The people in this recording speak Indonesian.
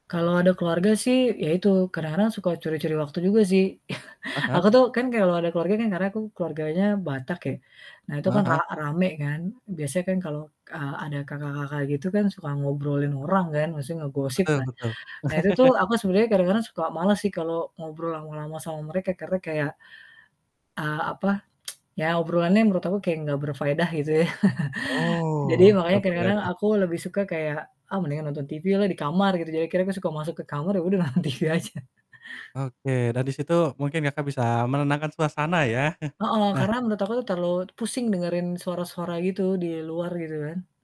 Kalau ada keluarga sih, ya itu kadang-kadang suka curi-curi waktu juga sih. Ah hah. Aku tuh kan kalau ada keluarga kan, karena aku keluarganya Batak ya. Nah, itu Heeh kan ra heeh. rame kan, biasanya kan kalau, eee, ada kakak-kakak gitu kan suka ngobrolin orang kan, maksudnya ngegosip Betul lah. betul. Nah, itu tuh aku sebenarnya kadang-kadang suka males sih kalau ngobrol lama-lama sama mereka karena kayak, eee, apa, ya obrolannya menurut aku kayak enggak berfaedah gitu ya. Jadi, Oh,. makanya kadang-kadang [unintelligible] aku lebih suka kayak, "Ah, mendingan nonton TV lah di kamar," gitu. Jadi, akhirnya aku suka masuk ke kamar ya udah nonton TV aja. Oke, dari situ mungkin Kakak, bisa menenangkan suasana, ya? Heeh, Nah karena menurut aku tuh terlalu pusing dengerin suara-suara gitu, di luar, gitu kan.